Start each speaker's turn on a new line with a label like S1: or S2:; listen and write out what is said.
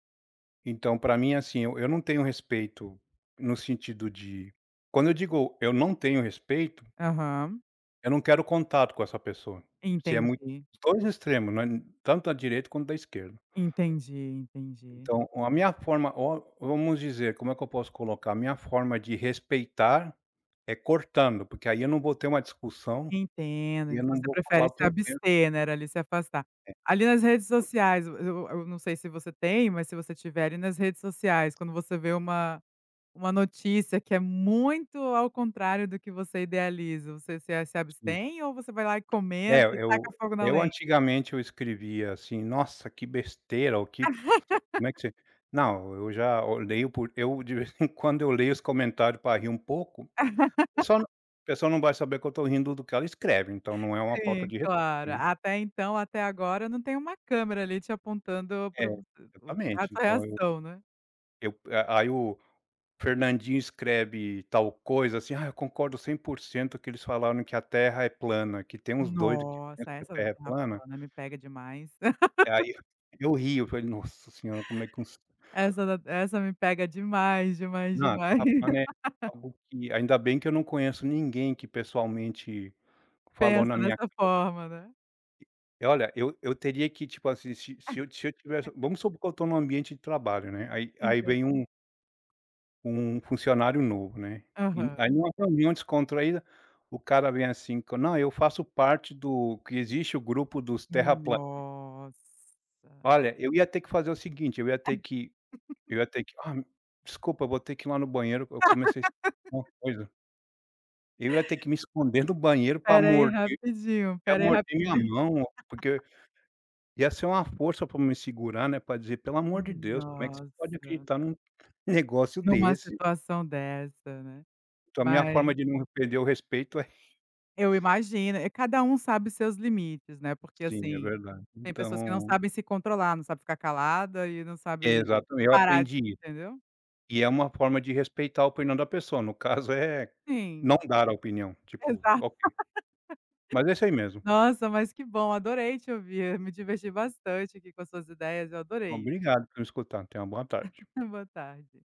S1: Então pra mim, assim, eu eu não tenho respeito no sentido de quando eu digo, eu não tenho respeito
S2: Aham.
S1: eu não quero contato com essa pessoa, se é muito
S2: Entendi.
S1: 2 extremos, não é tanto da direita quanto da esquerda.
S2: Entendi, entendi.
S1: Então, a minha forma o vamos dizer, como é que eu posso colocar, a minha forma de respeitar é cortando, porque aí eu não vou ter uma discussão, e
S2: Entendo,
S1: eu não
S2: você
S1: vou
S2: prefere
S1: falar o
S2: se
S1: que eu penso.
S2: abster, né, ali se afastar.
S1: É.
S2: Ali nas redes sociais, eu eu eu não sei se você tem, mas se você tiver ali nas redes sociais, quando você vê uma uma notícia que é muito ao contrário do que você idealiza, você se se
S1: Sim.
S2: abstém ou você vai lá e
S1: É,
S2: comenta e saca
S1: eu
S2: fogo na
S1: eu
S2: lenha?
S1: antigamente eu escrevia assim: "Nossa, que besteira" ou que como é que você não, eu já eu leio por eu de vez em quando eu leio os comentário para rir um pouco, pessoal não pessoal não vai saber que eu tõ rindo do que ela escreve, então não é uma falta
S2: Sim,
S1: de respeito,
S2: claro,
S1: né.
S2: até então, até agora, eu não tenho câmera ali te apontando
S1: É,
S2: para o is
S1: exatamente,
S2: essa
S1: então eu
S2: reação, né.
S1: eu a aí o Fernandinho escreve tal coisa assim: "Ah, eu concordo 100%" que eles falaram que a terra é plana, que tem uns doido que pensa
S2: Nossa,
S1: que a
S2: essa da
S1: terra é
S2: terra
S1: plana.
S2: plana me pega demais.
S1: Aí eu, eu rio, falei: "Nossa Senhora, como é que conse"
S2: Essa da essa me pega demais, demais,
S1: Não,
S2: demais.
S1: terra plana é algo que ainda bem que eu não conheço ninguém que, pessoalmente, falou na
S2: Pensa
S1: minha
S2: dessa
S1: [unintelligible]
S2: forma, né?
S1: E e olha, eu eu teria que, tipo assim, se se eu se eu tivesse, vamos supor que eu estou num ambiente de trabalho, né, aí aí
S2: Entendo.
S1: vem um um funcionário novo, né, e aí
S2: Aham.
S1: numa reunião descontraída, o cara vem assim: "Não, eu faço parte do" que existe o grupo dos terraplanistas.
S2: Nossa.
S1: Olha, eu ia ter que fazer o seguinte, eu ia ter que eu ia ter que: "Ah, desculpa, vou ter que ir lá no banheiro, eu comecei a sentir uma coisa". Eu ia ter que me esconder no banheiro pra
S2: Espera aí
S1: morder,
S2: rapidinho,
S1: ia
S2: espera aí
S1: morder minha
S2: rapidinho.
S1: mão, porque ia ser uma força pra me segurar pra dizer: "Pelo amor de Deus, como é que você pode
S2: Nossa.
S1: acreditar num negócio
S2: Numa
S1: desse?".
S2: situação dessa, né,
S1: Então a minha
S2: mas
S1: forma de não perder o respeito é
S2: Eu imagino, cada um sabe seus limites, né, porque
S1: Sim, é
S2: assim,
S1: verdade,
S2: tem pessoas que não
S1: então
S2: sabem se controlar, não sabem ficar calada e não sabe
S1: Exatamente, eu
S2: parar,
S1: aprendi isso.
S2: entendeu?
S1: E é uma forma de respeitar a opinião da pessoa, no caso é, não
S2: Sim.
S1: dar a opinião, tipo,
S2: Exato.
S1: qual que mas é isso aí mesmo.
S2: Nossa, mas que bom, adorei te ouvir, me diverti bastante aqui com as suas ideias, eu adorei.
S1: Obrigado por me escutar, tenha uma boa tarde.
S2: Boa tarde.